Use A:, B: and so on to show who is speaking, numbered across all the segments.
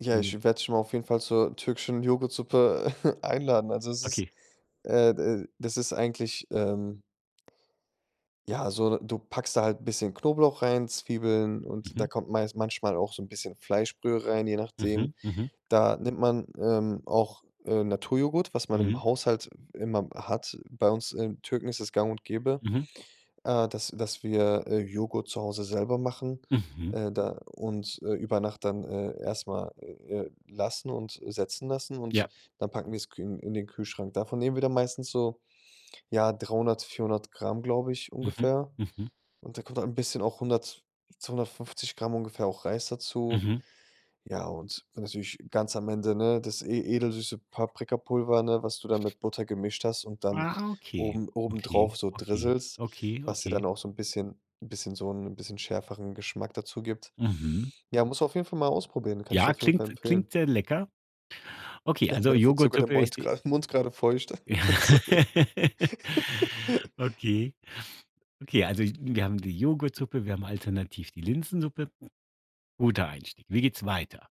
A: Ja, ich
B: [unintelligible]
A: werde dich mal auf jeden Fall zur türkischen Joghurtsuppe, einladen. Also, es ist,
B: Okay.
A: äh da das ist eigentlich, ähm ja, so, du packst da halt 'n bisschen Knoblauch rein, Zwiebeln und da
B: Mhm.
A: kommt meis manchmal auch so 'n bisschen Fleischbrühe rein, je nachdem.
B: Mhm, mhm.
A: Da nimmt man, ähm, auch, äh, Naturjoghurt, was man im
B: Mhm.
A: Haushalt w immer hat. Bei uns, äh, Türken ist das gang und gäbe,
B: Mhm.
A: äh, dass dass wir, äh, Joghurt zu Hause selber machen,
B: Mhm.
A: äh, da und, äh, über Nacht dann, äh, erst mal, äh, äh, lassen und setzen lassen und
B: Ja.
A: dann packen wir's kü in in den Kühlschrank. Davon nehmen wir dann meistens so, ja, 300, 400 Gramm, glaube ich,
B: Mhm,
A: ungefähr.
B: mhm.
A: Und da kommt halt 'n bisschen auch 100, 250 Gramm ungefähr auch Reis dazu.
B: Mhm.
A: Ja, und dann natürlich ganz am Ende, ne, das e edelsüße Paprikapulver, ne, was du dann mit Butter gemischt hast und dann
B: Ah, okay,
A: oben
B: okay,
A: obendrauf so
B: okay,
A: drisselst,
B: okay,
A: was dir
B: okay.
A: dann auch so 'n bisschen 'n bisschen so 'n bisschen schärferen Geschmack dazu gibt.
B: Mhm.
A: Ja, musst du auf jeden Fall mal ausprobieren, kann ich dir
B: Ja,
A: auf jeden Fall
B: klingt s
A: empfehlen.
B: klingt sehr lecker. Okay,
A: Ja,
B: also,
A: mir wird
B: Joghurt
A: sogar der
B: Suppe ist
A: Mund
B: die
A: grade Mund grade feucht. Sorry.
B: Okay. Okay, also, wir haben die Joghurtsuppe, wir haben alternativ die Linsensuppe. Guter Einstieg. Wie geht's weiter?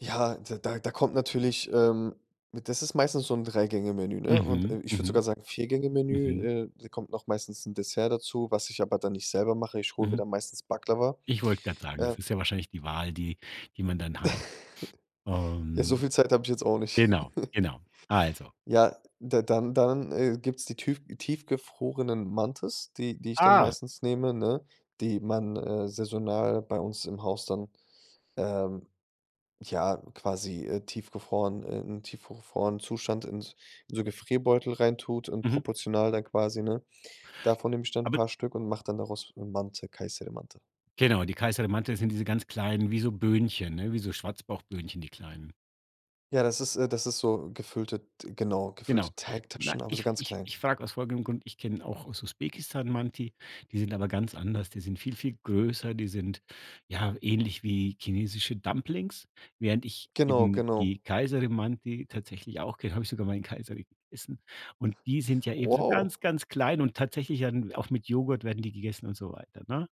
A: Ja, d da da kommt natürlich, ähm, äh das ist meistens so 'n Drei-Gänge-Menü, ne? Und, äh
B: Mhm,
A: ich würde
B: mhm.
A: sogar sagen,
B: Mhm.
A: Vier-Gänge-Menü, äh, da kommt noch meistens 'n Dessert dazu, was ich aber dann nicht selber mache. Ich hole mir
B: Mhm.
A: dann meistens Baklava,
B: Ich wollte grad sagen,
A: äh
B: das ist ja wahrscheinlich die Wahl, die die man dann hat,
A: Ja, so
B: ähm
A: viel Zeit habe ich jetzt auch nicht.
B: genau, genau, also
A: Ja, da dann dann, äh, gibt's die tüf tiefgefrorenen Mantis, die die ich dann
B: Ah.
A: meistens nehme, ne? Die man, äh, saisonal bei uns im Haus dann, ähm, ja, quasi, äh, tiefgefrorenen in tiefgefrorenen Zustand in s in so Gefrierbeutel reintut und
B: Mhm.
A: proportional dann quasi ne? Davon nehm ich dann 'n
B: Aber
A: paar Stück und mache dann daraus, äh, Mantı, Kayseri Mantı.
B: Genau, die Kayseri Mantı, das sind diese ganz kleinen wie so Böhnchen, ne? Wie so Schwarzbauchböhnchen, die kleinen?
A: Ja, das ist, äh das ist so gefüllte d genau,
B: Genau.
A: gefüllte
B: Na,
A: Teigtaschen, aber so
B: ich
A: ganz
B: ich
A: klein.
B: ich frage aus folgendem Grund: Ich kenn auch aus Usbekistan Manti, die sind aber ganz anders. Die sind viel, viel größer, die sind, ja, ähnlich wie chinesische Dumplings, während ich
A: Genau,
B: eben
A: genau.
B: die Kayseri Mantı tatsächlich auch ke habe ich sogar mal in Kayseri gegessen. Und die sind ja eben so
A: Wow.
B: ganz, ganz klein und tatsächlich ja dann auch mit Joghurt werden die gegessen und so weiter, ne?